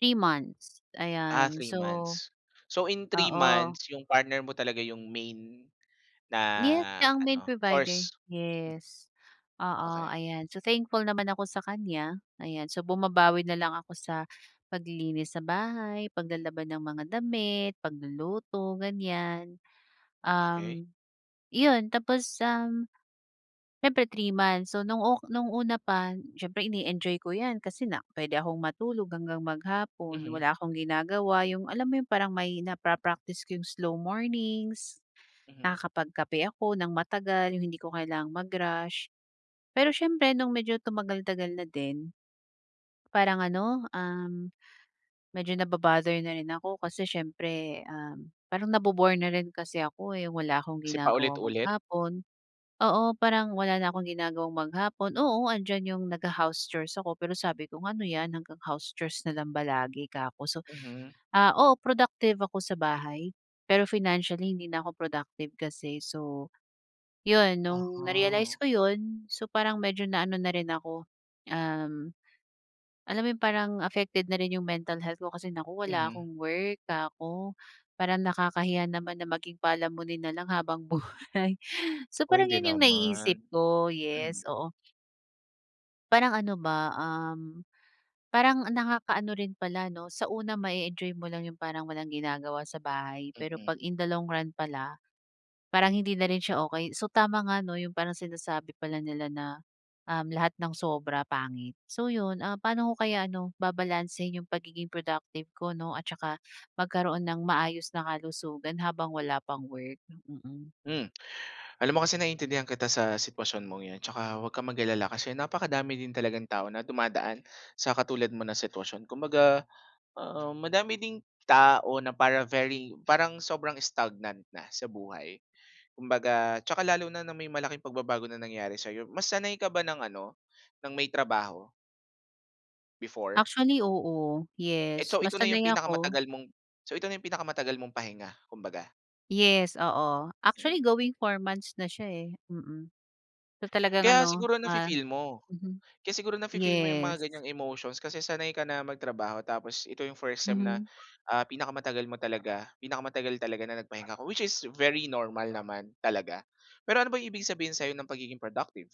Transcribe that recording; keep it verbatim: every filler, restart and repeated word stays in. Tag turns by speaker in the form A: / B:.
A: Three months,
B: Ah,
A: ayan.
B: three
A: So
B: months. So, in three
A: oo.
B: months yung partner mo talaga yung main
A: Yes,
B: na
A: siya ang main
B: ano,
A: provider.
B: source? Hmm.
A: Yes, oo.
B: Okey.
A: Ayan, so thankful naman ako sa kanya. Ayan, so bumabawi nalang ako sa paglilinis sa bahay, paglalaba ng mga damit, pagluluto, ganyan.
B: Okey.
A: Um, 'yon tapos, um, siyempre three months, so nung ok nung una pa, siyempre ine-enjoy ko yan, kasi na pwede akong matulog hanggang maghapon,
B: Mhm.
A: wala akong ginagawa. Yung alam mo yung parang may napa-practice ko yung slow mornings,
B: Mhm.
A: nakakapagkape ako nang matagal, yung hindi ko kailangang mag-rush. Pero siyempre nung medyo tumagal-tagal na din, Parang ano, um, medyo naba-bother na rin ako, kasi siyempre, um, parang nabo-bore na rin kasi ako, eh, wala akong
B: Kasi
A: ginagawa
B: paulit-ulit?
A: maghapon. Oo, parang wala na akong ginagawang maghapon, oo, nandiyan yung nagha-house chores ako pero sabi ko, "Ano yan, hanggang house chores na lang ba lagi?" 'ka ko. So,
B: Mhm.
A: ah, oo, productive ako sa bahay, pero financially hindi na ako productive kasi. So, 'yon, nung
B: Uh-huh.
A: na-realize ko 'yon, so parang medyo na ano na rin ako, um, alam mo 'yon, parang affected na rin yung mental health ko kasi, "Naku, wala
B: Mhm.
A: akong work." 'ka ko. Parang nakakahiya naman na maging palamunin nalang habang buhay. So,
B: Uy,
A: parang
B: hindi
A: 'yun yung naiisip
B: naman.
A: ko. Yes,
B: Hmm.
A: oo. Parang ano ba, um, parang nakakaano rin pala 'no, sa una ma-e-enjoy mo lang yung parang walang ginagawa sa bahay, pero
B: Mm.
A: 'pag in the long run pala, parang hindi na rin siya okey. So, tama nga, 'no, yung parang sinasabi pala nila na, um, lahat ng sobra pangit. So 'yon, ah, paano ko kaya ano, babalansehin yung pagiging productive ko 'no at saka magkaroon nang maayos na kalusugan habang wala pang work? Hmm, mm.
B: Hmm. Alam mo kasi naintindihan kita sa sitwasyon mong 'yan tsaka 'wag kang mag-alala kasi napakadami din talagang tao na dumadaan sa katulad mo na sitwasyon. Kumbaga, ah, madami ding tao na para very parang sobrang stagnant na sa buhay. Kumbaga tsaka lalo na, na may malaking pagbabago na nangyari sa'yo. Mas sanay ka ba ng ano, ng may trabaho? Before?
A: Actually, oo. Yes,
B: Eto
A: mas
B: ito na yung
A: sanay ako.
B: pinakamatagal mong so ito na yung pinakamatagal mong pahinga, kumbaga?
A: Yes, oo. Actually,
B: Mm.
A: going four months na siya, eh, mm. So talagang
B: Kaya
A: ano,
B: siguro
A: ah
B: nafi-feel mo.
A: mhm.
B: Kaya siguro nafi-feel mo yung mga
A: Yes.
B: ganyang emotions kasi sanay ka na magtrabaho tapos ito yung first time na,
A: Mhm.
B: ah, pinakamatagal mo talaga, pinakamatagal talaga na nagpahinga ka, which is very normal naman talaga. Pero ano ba yung ibig sabihin sa'yo ng pagiging productive?